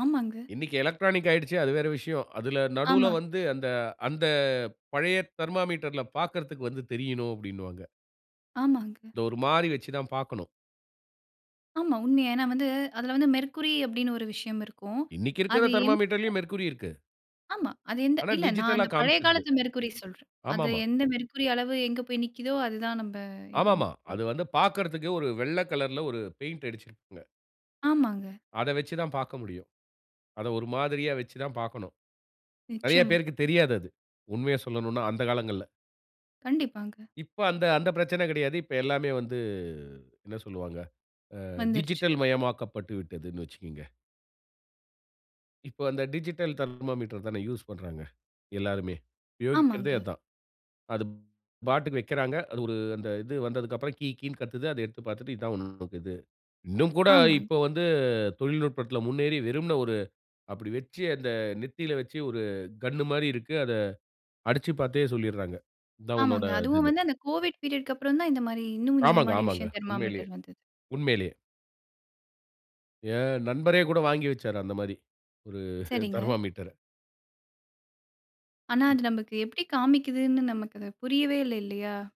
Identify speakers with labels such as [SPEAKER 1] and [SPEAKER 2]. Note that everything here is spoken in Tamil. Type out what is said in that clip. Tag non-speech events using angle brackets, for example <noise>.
[SPEAKER 1] ஆமாங்க.
[SPEAKER 2] இன்னைக்கு எலக்ட்ரானிக் ஆயிடுச்சு, அது வேற விஷயம். அதுல நடுவுல
[SPEAKER 1] ஆமா.
[SPEAKER 2] வந்து, அந்த அந்த பழைய தெர்மாமீட்டர்ல பாக்கிறதற்கு வந்து தெரியணும், அப்படின்னுவாங்க.
[SPEAKER 1] ஆமாங்க.
[SPEAKER 2] இத ஒரு மாறி வச்சுதான் பாக்கணும்.
[SPEAKER 1] ஆமா, உண்மையா. ஏன்னா வந்து, அதில வந்து, மெர்க்குரி அப்படின்னு ஒரு விஷயம் இருக்கும்.
[SPEAKER 2] இன்னைக்கிருக்குற
[SPEAKER 1] அது எந்த,
[SPEAKER 2] தெர்மாமீட்டர்லயும் மெர்குரி இருக்கு.
[SPEAKER 1] ஆமா. அது எந்த
[SPEAKER 2] ஆனா,
[SPEAKER 1] இல்ல. நான்
[SPEAKER 2] டிஜிட்டலா
[SPEAKER 1] அந்த பழைய
[SPEAKER 2] காமிச்சுருது.
[SPEAKER 1] காலத்து மெர்க்குரி சொல்றேன். அது
[SPEAKER 2] ஆமாமா.
[SPEAKER 1] எந்த மெர்க்குரி அளவு எங்க போய் நிக்குதோ, அது தான் நம்ப இதுன்னு.
[SPEAKER 2] ஆமாமா.
[SPEAKER 1] அ.
[SPEAKER 2] அது வந்து பாக்கறதுக்கு, ஒரு வெள்ள கலர்ல ஒரு பெயிண்ட் அடுச்சுருக்குங்க.
[SPEAKER 1] ஆமாங்க.
[SPEAKER 2] அத வச்சு தான் பாக்க முடியும். அத ஒரு மாதிரியா வச்சு தான் பாக்கணும். நெறையப்
[SPEAKER 1] நிச்சயமா.
[SPEAKER 2] பேருக்குத் தெரியாது அது. உண்மையை சொல்லணுனா, அந்த காலங்கள்ல.
[SPEAKER 1] கண்டிப்பாங்க.
[SPEAKER 2] இப்ப அந்த அந்த பிரச்சனை கிடையாது. இப்ப எல்லாமே வந்து, என்ன சொல்வாங்க? ஆ,
[SPEAKER 1] வந்துருச்சு.
[SPEAKER 2] டிஜிட்டல் மயமாக்கப்பட்டு விட்டதுனு வச்சுக்கங்க. இப்ப அந்த டிஜிட்டல் தெர்மாமீட்டர் தான யூஸ் பண்றாங்க எல்லாருமே. யோகிக்கிறதே
[SPEAKER 1] ஆமாங்க.
[SPEAKER 2] அதான். அது பாட்டுக்கு வக்கிறாங்க. அது ஒரு அந்த இது வந்ததுக்கு அப்புறம், கீ கீனு கத்துது. அத எடுத்துப் பாத்துட்டு, இது தான் உன்னோடதது. இன்னும் கூட இப்ப
[SPEAKER 1] ஆமாங்க.
[SPEAKER 2] வந்து, தொழில்நுட்பத்தில முன்னேறி, வெறும்ன ஒரு அப்படி வச்சு, அந்த நெத்தியில வச்சு, ஒரு கன்னு மாரி இருக்கு. அத அடுச்சு பாத்தே சொல்லிடுறாங்க. இது தான் உன்னோட
[SPEAKER 1] ஆமாங்க. அதுவும்
[SPEAKER 2] இதுனு.
[SPEAKER 1] வந்து, அந்த கோவிட் பீரியட்க்கு அப்புறம் தான், இந்த மாரி இன்னும் இந்த
[SPEAKER 2] ஆமாங்க,
[SPEAKER 1] மாரி
[SPEAKER 2] ஆமாங்க.
[SPEAKER 1] விஷயம்,
[SPEAKER 2] உண்மையிலேயே,
[SPEAKER 1] தெர்மாமீட்டர் வந்தது.
[SPEAKER 2] உண்மையிலேயே. என் நண்பரே கூட வாங்கி வச்சாரு, அந்த மாரி. ஒரு <chuckles>
[SPEAKER 1] சரிங்க.
[SPEAKER 2] தெர்மாமீட்டர.
[SPEAKER 1] ஆனா,
[SPEAKER 2] ம்.
[SPEAKER 1] அது நமக்கு எப்படி காமிக்குதுன்னு, நமக்கு புரியவே இல்ல, இல்லையா?